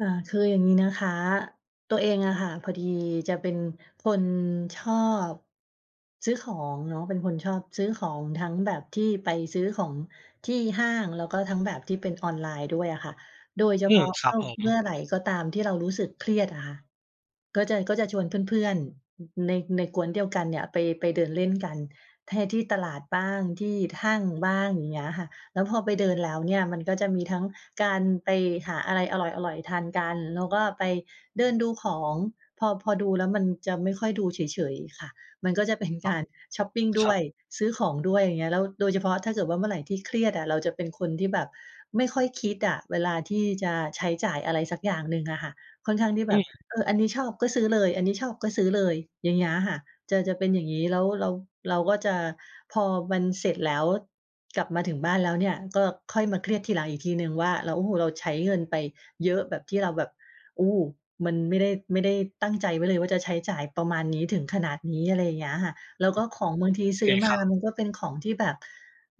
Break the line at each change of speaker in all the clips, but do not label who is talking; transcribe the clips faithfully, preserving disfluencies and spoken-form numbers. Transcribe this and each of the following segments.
ค่ะ คืออย่างนี้นะคะ ตัวเองอะค่ะ พอดีจะเป็นคนชอบ ซื้อของเนาะ เป็นคนชอบซื้อของ ทั้งแบบที่ไปซื้อของที่ห้าง แล้วก็ทั้งแบบที่เป็นออนไลน์ด้วยอะค่ะ โดยเฉ
อื
พา
ม
ะ
คร
ต
ับ
้อ
ผ
ง เมื
ม
่อไรก็ตามที่เรารู้สึกเครียดอะค่ะ ก็จะ ก็จะชวนเพื่อน ๆ อ ใน ในก๊วนเดียวกันเนี่ยไป ไปเดินเล่นกัน แท ที่ตลาดบ้าง ที่ห้างบ้าง อย่างเงี้ยค่ะ แล้วพอไปเดินแล้วเนี่ย มันก็จะมีทั้งการไปหาอะไรอร่อย ๆ ทานกัน แล้วก็ไปเดินดูของ พอ พอดูแล้วมันจะไม่ค่อยดูเฉย ๆ ค่ะ มันก็จะเป็น
อ๋
ก
อ
ารชอปปิงด
ค
้
รั
วย
บ
ซื้อของด้วย อย่างเงี้ย แล้วโดยเฉพาะถ้าเกิดว่าเมื่อไรที่เครียดอะ เราจะเป็นคนที่แบบไม่ค่อยคิดอะ เวลาที่จะใช้จ่ายอะไรสักอย่างหนึ่งอะค่ะ ค่อนข้างที่แ
อ
บ
ื
บ
ม
เออ อันนี้ชอบก็ซื้อเลย อันนี้ชอบก็ซื้อเลย อย่างเงี้ยค่ะ จะ จะเป็นอย่างนี้ แล้วเรา เราก็จะ พอมันเสร็จแล้วกลับมาถึงบ้านแล้วเนี่ย ก็ค่อยมาเครียดทีหลังอีกทีหนึ่งว่าเรา โอ้โฮ เราใช้เงินไปเยอะแบบที่เราแบบ โอ้ มันไม่ได้ ไม่ได้ตั้งใจไว้เลยว่า จะใช้จ่ายประมาณนี้ ถึงขนาดนี้ อะไรอย่างเงี้ยค่ะ แล้วก็ของบางทีซ
เป
ื้
็
อ
น
ม
ค
า
รับ
มันก็เป็นของที่แบบ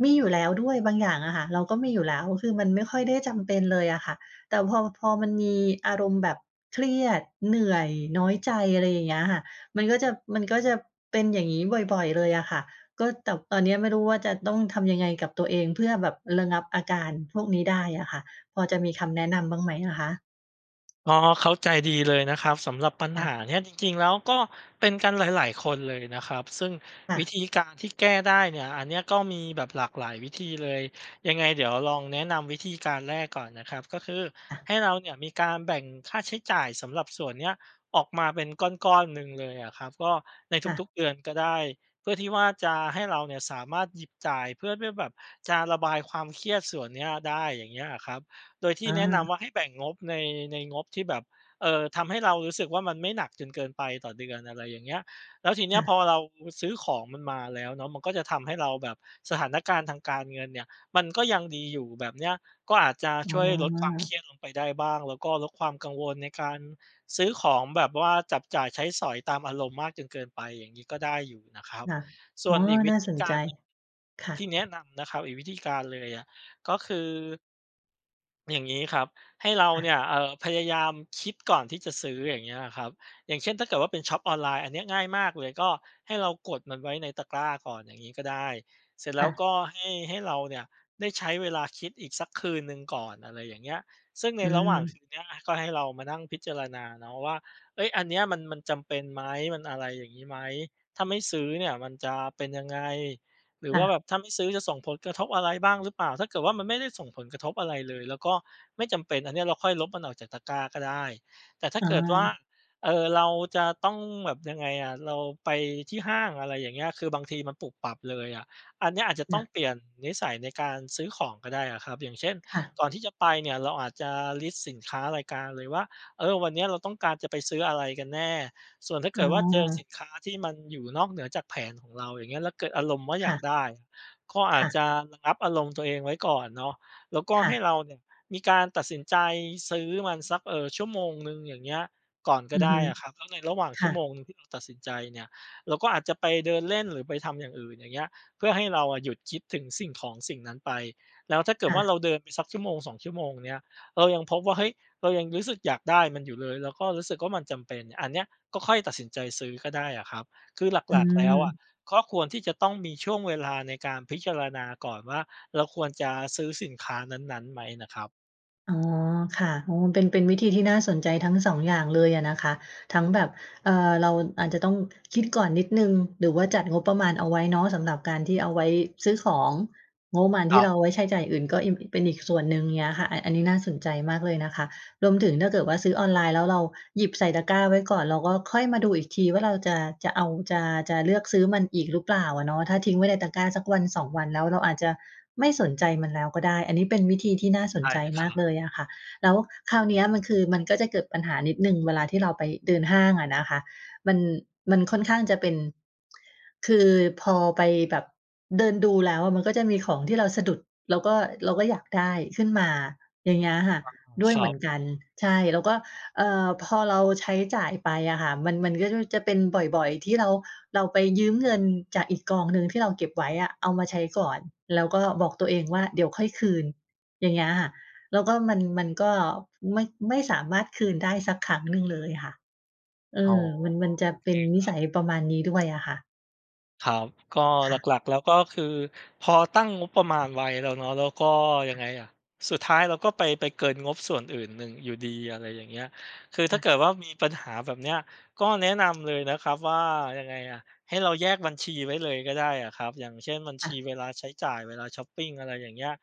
มีอยู่แล้วด้วย บางอย่างอะค่ะเราก็มีอยู่แล้ว อือ คือมันไม่ค่อยได้จำเป็นเลยอะค่ะ แต่พอ พอมันมีอารมณ์แบบเครียด เหนื่อย น้อยใจ อะไรอย่างเงี้ยค่ะ มันก็จะ มันก็จะเป็นอย่างนี้บ่อย ๆ เลยอะค่ะ ก็ แต่ตอนนี้อะไม่รู้ว่าจะต้องทำยังไงกับตัวเอง เพื่อแบบระงับอาการพวกนี้ได้อะค่ะ พอจะมีคำแนะนำบ้างไหมอะคะ?
ก็เข้าใจดีเลยนะครับ สำหรับปัญ
ค
ห
่ะ
าเนี่ยจริง ๆ แล้ว ก็เป็นกันหลาย ๆ คนเลยนะครับ ซึ่ง
ค่
วิธ
ะ
ีการที่แก้ได้เนี่ย อันเนี้ยก็มีแบบหลากหลายวิธีเลย ยังไงเดี๋ยวลองแนะนำวิธีการแรกก่อนนะครับ ก็คือ
ค่ะ
ให้เราเนี่ยมีการแบ่งค่าใช้จ่ายสำหรับส่วนเนี้ยออกมาเป็นก้อน ๆ หนึ่งเลยอะครับ ก็ใน
ค่ะ
ทุก ๆ เดือนก็ได้ เพื่อที่ว่าจะให้เราเนี่ยสามารถหยิบจ่าย เพื่อ เพื่อแบบจะระบายความเครียดส่วนเนี้ยได้ อย่างเงี้ยอะครับ โดยที่
อ
แนะน
า
ำว่าให้แบ่งงบใน ในงบที่แบบ เอ่อ ทำให้เรารู้สึกว่า มันไม่หนักจนเกินไปต่อเดือน อะไรอย่างเงี้ย แล้วทีเน
ค
ี้ย
่
พ
ะ
อเรา อ ซื้อของมันมาแล้วเนาะ มันก็จะทำให้เราแบบ สถานการณ์ทางการเงินเนี่ยมันก็ยังดีอยู่ แบบเนี้ยก็อาจจะ
อ๋
ช
อ
่วยลดความเครียดลงไปได้บ้าง แล้วก็ลดความกังวลในการซื้อของแบบว่า จับจ่ายใช้สอยตามอารมณ์มากจนเกินไป อย่างนี้ก็ได้อยู่นะครับ
ค่ะ
ส
อ
่
๋
ว
อ
นอีกว
น
ิ
่า
ธี
สน
ก
ใ
า
จ
รหนึ่ง
ค่
ที
ะ
่แนะนำนะครับ อีกวิธีการเลยอะ ก็คือ อย่างงี้ครับ ให้เรา
ค่ะ
เนี่ย เอ่อ พยายามคิดก่อนที่จะซื้อ อย่างเงี้ยอะครับ อย่างเช่น ถ้าเกิดว่าเป็นช็อปออนไลน์ อันเนี้ยง่ายมากเลย ก็ให้เรากดมันไว้ในตะกร้าก่อนอย่างนี้ก็ได้ เสร็จแล
ค
้
่
ว
ะ
ก็ให้ ให้เราเนี่ยได้ใช้เวลาคิดอีกสักคืนหนึ่งก่อน อะไรอย่างเงี้ย ซึ่งใน
อื
ระหว่างค
ม
ืนเนี้ยอะ ก็ให้เรามานั่งพิจารณาเนาะว่า เอ๊ย อันเนี้ยมัน มันจำเป็นไหม มันอะไรอย่างนี้ไหม ถ้าไม่ซื้อเนี่ยมันจะเป็นยังไง หรือ
ค่
ว่าแบ
ะ
บถ้าไม่ซื้อจะส่งผลกระทบอะไรบ้างหรือเปล่า ถ้าเกิดว่ามันไม่ได้ส่งผลกระทบอะไรเลยแล้วก็ไม่จำเป็น อันเนี้ยเราค่อยลบมันออกจากตะกร้าก็ได้ แต่ถ้า
อ๋
เกิดว่า
อ
เออ เราจะต้องแบบ ยังไงอะ เราไปที่ห้าง อะไรอย่างเงี้ย คือบางทีมันปุบปับเลยอะ อันเนี้ยอาจจะต
ค
้อ
่
ง
ะ
เปลี่ยนนิสัยในการซื้อของก็ได้อะครับ อย่างเช่น
ค่ะ
ก่อนที่จะไปเนี่ยเราอาจจะ List สินค้ารายการเลยว่า เออ วันนี้เราต้องการจะไปซื้ออะไรกันแน่ ส่วนถ้าเ
อ
ก
้
ิดว่าเจอสิ
อ
นค้าที่มันอยู่นอกเหนือจากแผนของเรา อย่างเงี้ย แล้วเกิดอารมณ์ว่าอ
ค
ย
่
าก
ะ
ได้ ก็อ
ค
าจ
่ะ
จะระงับอารมณ์ตัวเองไว้ก่อนเนาะ แล้วก็
ค่
ให
ะ
้เราเนี่ยมีการตัดสินใจซื้อมันสัก เอ่อ ชั่วโมงหนึ่ง อย่างเงี้ย ก่อนก
อ
็
ือ
ได
ฮ
้
ึ
อะครับ แล้วในระหว่าง
ค
ชั
่
่วโม
ะ
งหนึ่งที่เราตัดสินใจเนี่ย เราก็อาจจะไปเดินเล่นหรือไปทำอย่างอื่น อย่างเงี้ย เพื่อให้เราอะหยุดคิดถึงสิ่งของสิ่งนั้นไป แล้วถ้าเกิด
ค่
ว่า
ะ
เราเดินไปสักชั่วโมง สอง ชั่วโมงเนี้ย เรายังพบว่า เฮ้ย เรายังรู้สึกอยากได้มันอยู่เลย แล้วก็รู้สึกว่ามันจำเป็น อันเนี้ยก็ค่อยตัดสินใจซื้อก็ได้อะครับ คือ
อ
หลัก ๆ แล้วอะ
ืม
ก็ควรที่จะต้องมีช่วงเวลาในการพิจารณาก่อนว่า เราควรจะซื้อสินค้านั้น ๆ ไหมน่ะครับ
อ๋อ ค่ะ โอ้โฮ เป็น เป็นวิธีที่น่าสนใจทั้ง สอง อย่างเลยอะนะคะ ทั้งแบบ เออ เราอาจจะต้องคิดก่อนนิดหนึ่ง หรือว่าจัดงบประมาณเอาไว้เนาะ สำหรับการที่เอาไว้ซื้อของ งบประมาณ
ค
ที
ร
่
ั
เ
บ
ราเอาไว้ใช้จ่ายอย่างอื่นก็อิ่ม อ เป็นอีกส่วนหนึ่ง เงี้ยค่ะ อ อันนี้น่าสนใจมากเลยนะคะ รวมถึงถ้าเกิดว่าซื้อออนไลน์แล้วเราหยิบใส่ตะกร้าไว้ก่อน เราก็ค่อยมาดูอีกทีว่าเราจะ จะเอา จะ จะเลือกซื้อมันอีกหรือเปล่าอะเนาะ ถ้าทิ้งไว้ในตะกร้าสักวัน สอง วัน แล้วเราอาจจะไม่สนใจมันแล้วก็ได้ อันนี้เป็นวิธีที่น่าส
ใช
น
่
ใจ
ค
ม
รั
าก
บ
เลยอะค่ะ แล้วคราวเนี้ยมันคือ มันก็จะเกิดปัญหานิดหนึ่งเวลาที่เราไปเดินห้างอะนะคะ มัน มันค่อนข้างจะเป็น คือพอไปแบบเดินดูแล้วมันก็จะมีของที่เราสะดุด เราก็ เราก็อยากได้ขึ้นมา อย่างเงี้ยค่ะ
อา
ด้ว
ค
ย
ร
เห
ั
มื
บ
อนกัน ใช่ แล้วก็ เอ่อ พอเราใช้จ่ายไปอะค่ะ มัน มันก็จะรู้ จะเป็นบ่อย ๆ ที่เรา เราไปยืมเงินจากอีกกองหนึ่งที่เราเก็บไว้อะเอามาใช้ก่อน แล้วก็บอกตัวเองว่าเดี๋ยวค่อยคืน อย่างเงี้ยค่ะ แล้วก็มัน มันก็ไม่ ไม่สามารถคืนได้สักครั้งหนึ่งเลยค่ะ เอ
อ๋อ
อ มัน มันจะ
โอ
เป
เค
็นน
ค
ิ
ร
ส
ั
ั
บ
ยประมาณนี้ด้วย อะค่ะ
ครับ ก็
ค่ะ
หลัก ๆ แล้ว ก็คือพอตั้งงบประมาณไว้แล้วเนาะ แล้วก็ ยั
ค่
ง
ะ
ไงอะ สุดท้ายเราก็ไป ไปเกินงบส่วนอื่น หนึ่งอยู่ดี อะไรอย่างเงี้ย คือ
ค
ถ้
่
า
ะ
เกิดว่ามีปัญหาแบบเนี้ย ก็แนะนำเลยนะครับว่า ยังไงอะ ให้เราแยกบัญชีไว้เลยก็ได้อะครับ อย่างเช่น บัญ
ค
ช
่
ี
ะ
เวลาใช้จ่าย เวลาชอปปิง อะไรอย่างเงี้ย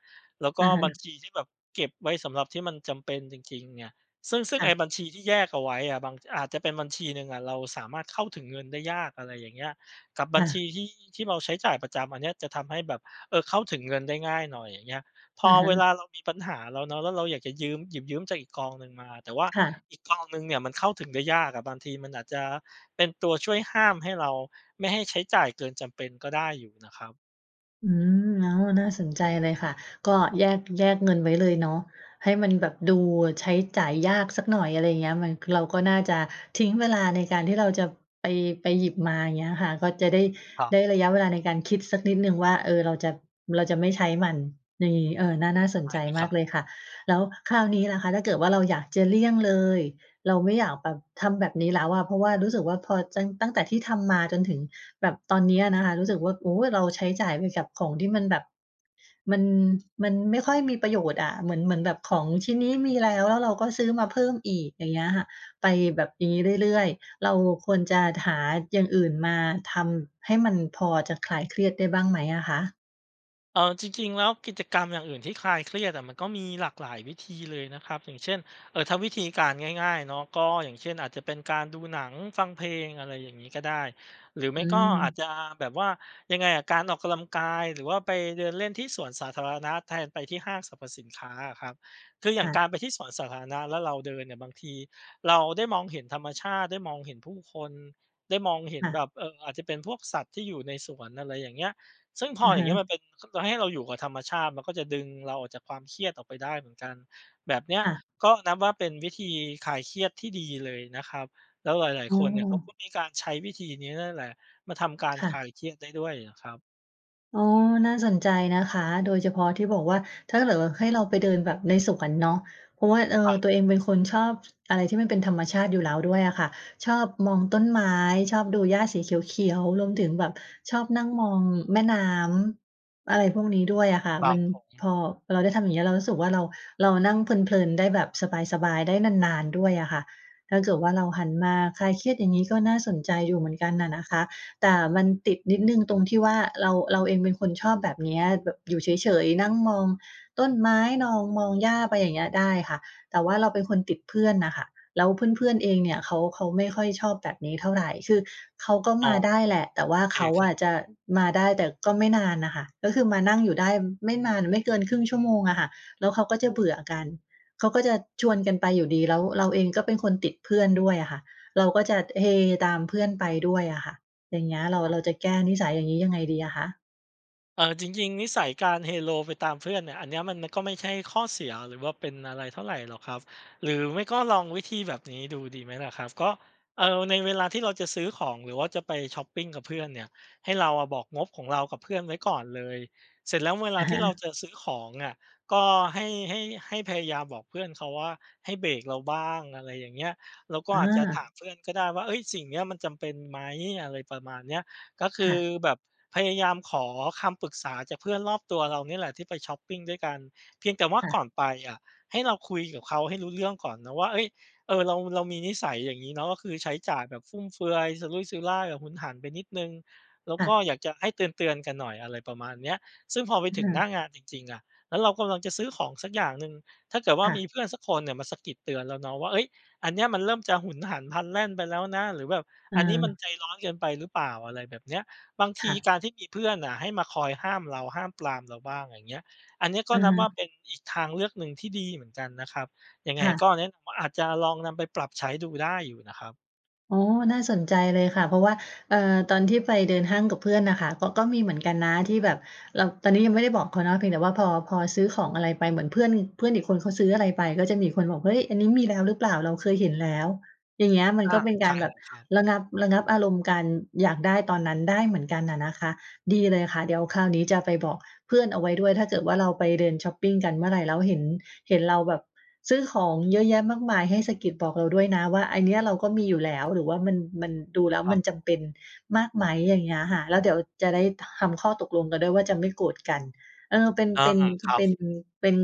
แล้วก
อ
็
ะฮ
บั
ะ
ญชีที่แบบเก็บไว้สำหรับที่มันจำเป็นจริง ๆ เนี่ย ซึ่ง ซึ่ง
ค่
ไอ
ะ
้บัญชีที่แยกเอาไว้อะ บาง อาจจะเป็นบัญชีหนึ่งอะเราสามารถเข้าถึงเงินได้ยาก อะไรอย่างเงี้ย กับบ
ค
ั
่
ญช
ะ
ีที่ ที่เราใช้จ่ายประจำ อันเนี้ยจะทำให้แบบ เออ เข้าถึงเงินได้ง่ายหน่อย อย่างเงี้ย พ
อ
อ
ะฮ
เว
ะ
ลาเรามีปัญหาแล้วเนาะ แล้วเราอยากจะยืม หยิบยืมจากอีกกองหนึ่งมา แต่ว่า
ค่ะ
อีกกองหนึ่งเนี่ยมันเข้าถึงได้ยากอะ บางทีมันอาจจะเป็นตัวช่วยห้ามให้เรา ไม่ให้ใช้จ่ายเกินจำเป็นก็ได้อยู่นะครับ
อืม อ้อ น่าสนใจเลยค่ะ ก็แยก แยกเงินไว้เลยเนาะ ให้มันแบบดูใช้จ่ายยากสักหน่อย อะไรอย่างเงี้ย มัน เราก็น่าจะทิ้งเวลาในการที่เราจะไป ไปหยิบมา อย่างเงี้ยค่ะ ก็จะได้
ครั
ได้
บ
ระยะเวลาในการคิดสักนิดหนึ่งว่า เออ เราจะ เราจะไม่ใช้มัน ใน เออ น่า น่าส
ใ
น
ช่
ใจ
ค
ม
ร
า
ั
ก
บ
เลยค่ะ แล้วคราวนี้ล่ะคะ ถ้าเกิดว่าเราอยากจะเลี่ยงเลย เราไม่อยากแบบทำแบบนี้แล้วอะ เพราะว่ารู้สึกว่าพอจั้ง ตั้งแต่ที่ทำมาจนถึงแบบตอนเนี้ยนะคะ รู้สึกว่า โอ้โฮ เราใช้จ่ายไปกับของที่มันแบบ มัน มันไม่ค่อยมีประโยชน์อะ เหมือน เหมือนแบบของชิ้นนี้มีแล้ว แล้วเราก็ซื้อมาเพิ่มอีก อย่างเงี้ยค่ะ ไปแบบอย่างงี้เรื่อย ๆ เราควรจะหาอย่างอื่นมาทำให้มันพอจะคลายเครียดได้บ้างไหมอะคะ?
เอ่อ จริง ๆ แล้วกิจกรรมอย่างอื่นที่คลายเครียดอะ มันก็มีหลากหลายวิธีเลยนะครับ อย่างเช่น เอ่อ ถ้าวิธีการง่าย ๆ เนาะ ก็อย่างเช่นอาจจะเป็นการดูหนัง ฟังเพลง อะไรอย่างนี้ก็ได้ หรือไ
อ
ม
ื
่ก็อาจ
ม
จะแบบว่า ยังไงอะ การออกกะลังกาย หรือว่าไปเดินเล่นที่สวนสาธารณะแทนไปที่ห้างสรรพสินค้าอะครับ คืออย่า
ค
ง
่
ก
ะ
ารไปที่สวนสาธารณะ แล้วเราเดินเนี่ยบางทีเราได้มองเห็นธรรมชาติ ได้มองเห็นผู้คน ได้มองเห็น
ค่
แบ
ะ
บ เออ อาจจะเป็นพวกสัตว์ที่อยู่ในสวน อะไรอย่างเงี้ย ซึ่งพ
อ
อ
ะ
อย
ฮ
่างน
ะ
ี้มันเป็น คือให้เราอยู่กับธรรมชาติ มันก็จะดึงเราออกจากความเครียดออกไปได้เหมือนกัน แบบเนี้ย
ค่ะ
ก็นับว่าเป็นวิธีคลายเครียดที่ดีเลยนะครับ แล้วหลาย
อ้
ๆ คนเนี่ยเขาก็
อ
มีการใช้วิธีนี้นั่นแหละ มาทำการ
ค่
คลา
ะ
ยเครียดได้ด้วย เงี้ยครับ
อ้อ น่าสนใจนะคะ โดยเฉพาะที่บอกว่า ถ้าเกิดว่าให้เราไปเดินแบบในสวนเนาะ เพราะว่า เอ
คร
อ
ับ
ตัวเองเป็นคนชอบ ช อะไรที่มันเป็นธรรมชาติอยู่แล้วด้วยอะค่ะ ชอบมองต้นไม้ ชอบดูหญ้าสีเขียว ๆ รวมถึงแบบชอบนั่งมองแม่น้ำ อะไรพวกนี้ด้วยอะค่ะ
ครั
มั
บ
น
ผม
พอเราได้ทำอย่างเงี้ย เรารู้สึกว่าเรา เรานั่งเพลิน ๆ ได้แบบสบาย ๆ ได้นาน ๆ ด้วยอะค่ะ ถ้าเกิดว่าเราหันมาคลายเครียดอย่างนี้ ก็น่าสนใจอยู่เหมือนกันน่ะนะคะ แต่มันติดนิดหนึ่งตรงที่ว่า เรา เราเองเป็นคนชอบแบบเนี้ย แบบอยู่เฉย ๆ นั่งมองต้นไม้ นอง มองหญ้าไปอย่างเงี้ยได้ค่ะ แต่ว่าเราเป็นคนติดเพื่อนน่ะค่ะ แล้วเพื่อน ๆ เองเนี่ยเขา เขาไม่ค่อยชอบแบบนี้เท่าไร คือเขาก็
อ้
ม
อ
าได้
โ
แหละ แต่ว่า
อเค
เขา
คร
อ
ับ
ะจะมาได้แต่ก็ไม่นานน่ะค่ะ ก็คือมานั่งอยู่ได้ไม่มาน ไม่เกินครึ่งชั่วโมงอะค่ะ แล้วเขาก็จะเบื่อกัน เขาก็จะชวนกันไปอยู่ดี แล้วเราเองก็เป็นคนติดเพื่อนด้วยอะค่ะ เราก็จะเฮตามเพื่อนไปด้วยอะค่ะ อย่างเงี้ยเรา
อ๋อ
เราจะแก้นิสัยอย่างนี้ยังไงดีอะคะ?
เอ่อ จริง ๆ นิสัยการเฮโลไปตามเพื่อนเนี่ย อันเนี้ยมัน มันก็ไม่ใช่ข้อเสีย หรือว่าเป็นอะไรเท่าไรหรอกครับ หรือไม่ก็ลองวิธีแบบนี้ดูดีไหมล่ะครับ ก็ เออ ในเวลาที่เราจะซื้อของ หรือว่าจะไปชอปปิงกับเพื่อนเนี่ย ให้เราอะบอกงบของเรากับเพื่อนไว้ก่อนเลย เสร็จแล้วเวล
อ
า
ะ
ท
ฮ
ี่
ะ
เราจะซื้อของอะ ก็ให้ ให้ ให้พยายามบอกเพื่อนเขาว่า "ให้เบรกเราบ้าง" อะไรอย่างเงี้ย เราก็
อ
อาจจะถาม
า
เพื่อนก็ได้ว่า "เอ๊ย สิ่งเนี้ยมันจำเป็นไหม?" อะไรประมาณเนี้ย ก็ค
ค
ื
่
อ
ะ
แบบพยายามขอคำปรึกษาจากเพื่อนรอบตัวเราเนี่ยแหละที่ไปชอปปิงด้วยกัน เพียงแต่ว่า
ค่ะ
ก่อนไปอะ ให้เราคุยกับเขาให้รู้เรื่องก่อนนะว่า เอ๊ย เออ เรา เรามีนิสัยอย่างงี้เนาะ ก็คือใช้จ่ายแบบฟุ่มเฟือย สุรุ่ยสุร่าย แบบหุนหันไปนิดหนึ่ง แล้ว
ค่
ก
ะ
็อยากจะให้เตือน ๆ กันหน่อย อะไรประมาณเนี้ย ซึ่งพอไปถึงหน้างานจริง ๆ อะ แล้วเรากำลังจะซื้อของสักอย่างหนึ่ง ถ้าเกิดว่า
ค่
ม
ะ
ีเพื่อนสักคนเนี่ยมาสะกิดเตือนเราเนาะว่า เฮ้ย อันเนี้ยมันเริ่มจะหุนหันพลันแล่นไปแล้วนะ หรือแบบอันนี้มัน
เออ
ใจร้อนเกินไปหรือเปล่า อะไรแบบเนี้ย บางท
ค
ี
่ะ
การที่มีเพื่อนน่ะให้มาคอยห้ามเรา ห้ามปรามเราบ้างอย่างเงี้ย อันเนี้ยก
อ
็
ะ
นั
ฮ
บว่า
ะ
เป็นอีกทางเลือกหนึ่งที่ดีเหมือนกันนะครับ ยังไ
ค
ง
่ะ
ก็แนะนำว่า อาจจะลองนำไปปรับใช้ดูได้อยู่นะครับ
อ๋อ น่าสนใจเลยค่ะ เพราะว่า เออ ตอนที่ไปเดินห้างกับเพื่อนน่ะค่ะ ก ก็มีเหมือนกันนะที่แบบเรา ตอนนี้ยังไม่ได้บอกเขานะ เพียงแต่ว่าพอ พอซื้อของอะไรไปเหมือนเพื่อน เพื่อนอีกคนเขาซื้ออะไรไป ก็จะมีคนบอก "เฮ้ย อันนี้มีแล้วหรือเปล่า? เราเคยเห็นแล้ว" อย่างเงี้ยมัน
อ
ก
า
็เป็นก
ใช
า
่
รแบบ
ครับ
ระงับ ระงับอารมณ์การอยากได้ตอนนั้นได้เหมือนกันน่ะนะคะ ดีเลยค่ะเดี๋ยวคราวนี้จะไปบอกเพื่อนเอาไว้ด้วย ถ้าเกิดว่าเราไปเดินชอปปิงกันเมื่อไรแล้วเห็น เห็นเราแบบซื้อของเยอะแยะมากมายให้สะกิดบอกเราด้วยนะว่า "อันเนี้ยเราก็มีอยู่แล้ว หรือว่ามัน มัน ดูแล้ว
คร
ม
ั
ัน
บ
จ
ผ
ำเป
ม
็นมากไหม?"อย่างเงี้ยค่ะ แล้วเดี๋ยวจะได้ทำข้อตกลงกันด้วยว่าจะไม่โกรธกัน เออ เป็น
อา
เป็น ท
ครั
เป็น
บ
เป็น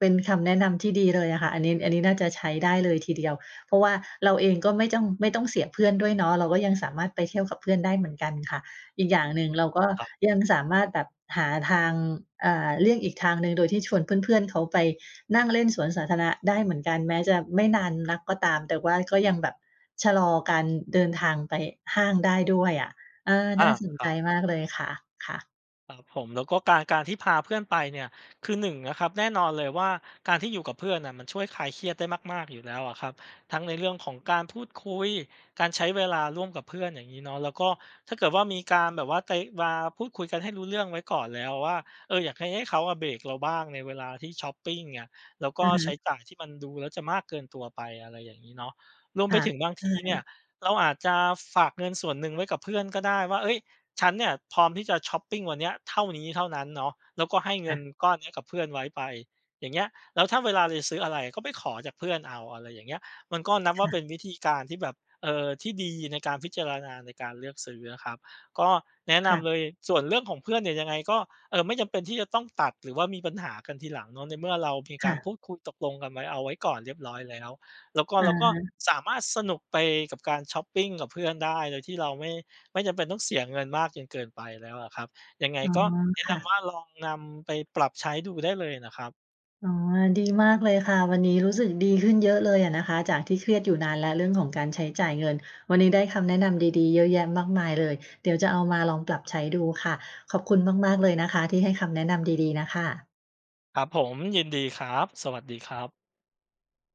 เป็นคำแนะนำที่ดีเลยอะค่ะ อันนี้ อันนี้น่าจะใช้ได้เลยทีเดียว เพราะว่าเราเองก็ไม่จ้อง ไม่ต้องเสียเพื่อนด้วยเนาะ เราก็ยังสามารถไปเที่ยวกับเพื่อนได้เหมือนกันค่ะ อีกอย่างหนึ่
อ
ง
ืม
เราก็
ครับ
ยังสามารถแบบหาทาง อ่า เลี่ยงอีกทางหนึ่งโดยที่ชวนเพื่อน ๆ เขาไปนั่งเล่นสวนสาธารณะได้เหมือนกัน แม้จะไม่นานนักก็ตาม แต่ว่าก็ยังแบบชะลอการเดินทางไปห้างได้ด้วยอะ เออ
อ
น่
า
าสน
ค
ใ
ร
จ
ับ
มากเลยค่ะ ค่ะ
ครับผม แล้วก็การ การที่พาเพื่อนไปเนี่ย คือ หนึ่ง นะครับ แน่นอนเลยว่า การที่อยู่กับเพื่อนน่ะมันช่วยคลายเครียดได้มาก ๆ อยู่แล้วอะครับ ทั้งในเรื่องของการพูดคุย การใช้เวลาร่วมกับเพื่อนอย่างงี้เนาะ แล้วก็ถ้าเกิดว่ามีการแบบว่า ไต วา พูดคุยกันให้รู้เรื่องไว้ก่อนแล้วว่า เออ อยากให้ ให้เขาอะเบรกเราบ้างในเวลาที่ชอปปิงอะ แล้วก
อ
็
ะฮ
ใช
ะ
้จ่ายที่มันดูแล้วจะมากเกินตัวไป อะไรอย่างงี้เนาะ รวม
ค
ไป
่ะ
ถึงบาง
ใช
ทีเนี่
่
ย เราอาจจะฝากเงินส่วนหนึ่งไว้กับเพื่อนก็ได้ว่า เอ๊ย ฉันเนี่ยพร้อมที่จะชอปปิงวันเนี้ย เท่านี้เท่านั้นเนาะ แล้วก็ให้เ
ค
งิ
่
น
ะ
ก้อนเนี้ยกับเพื่อนไว้ไป อย่างเงี้ย แล้วถ้าเวลาเราจะซื้ออะไร ก็ไปขอจากเพื่อนเอา อะไรอย่างเงี้ย มันก็นับ
ค
ว่า
่
เ
ะ
ป็นวิธีการที่แบบ เออ ที่ดีในการพิจารณาในการเลือกซื้อนะครับ ก็แนะน
ค่ะ
ำเลย ส่วนเรื่องของเพื่อนเนี่ยยังไงก็ เออ ไม่จำเป็นที่จะต้องตัด หรือว่ามีปัญหากันทีหลังเนาะ ในเมื่อเรามี
ค
กา
่
รพ
ะ
ูดคุยตกลงกันไว้ เอาไว้ก่อนเรียบร้อยแล้ว แล้วก็
อะ
แล้วก็
ฮะ
สามารถสนุกไปกับการชอปปิงกับเพื่อนได้ โดยที่เราไม่ ไม่จำเป็นต้องเสียเงินมากจนเกินไปแล้วอะครับ ยังไง
อ๋อ
ก็แนะ
ค
น
่ะ
ำว่าลองนำไปปรับใช้ดูได้เลยน่ะครับ
อ๋อ ดี มากเลยค่ะ วันนี้รู้สึกดีขึ้นเยอะเลยอะนะคะ จากที่เครียดอยู่นานแล้วเรื่องของการใช้จ่ายเงิน วันนี้ได้คำแนะนำดี ๆ เยอะแยะมากมายเลย เดี๋ยวจะเอามาลองปรับใช้ดูค่ะ ขอบคุณมาก ๆ เลยนะคะที่ให้คำแนะนำดี ๆ น่ะค่ะ
ครับผม ยินดีครับ สวัสดีครับ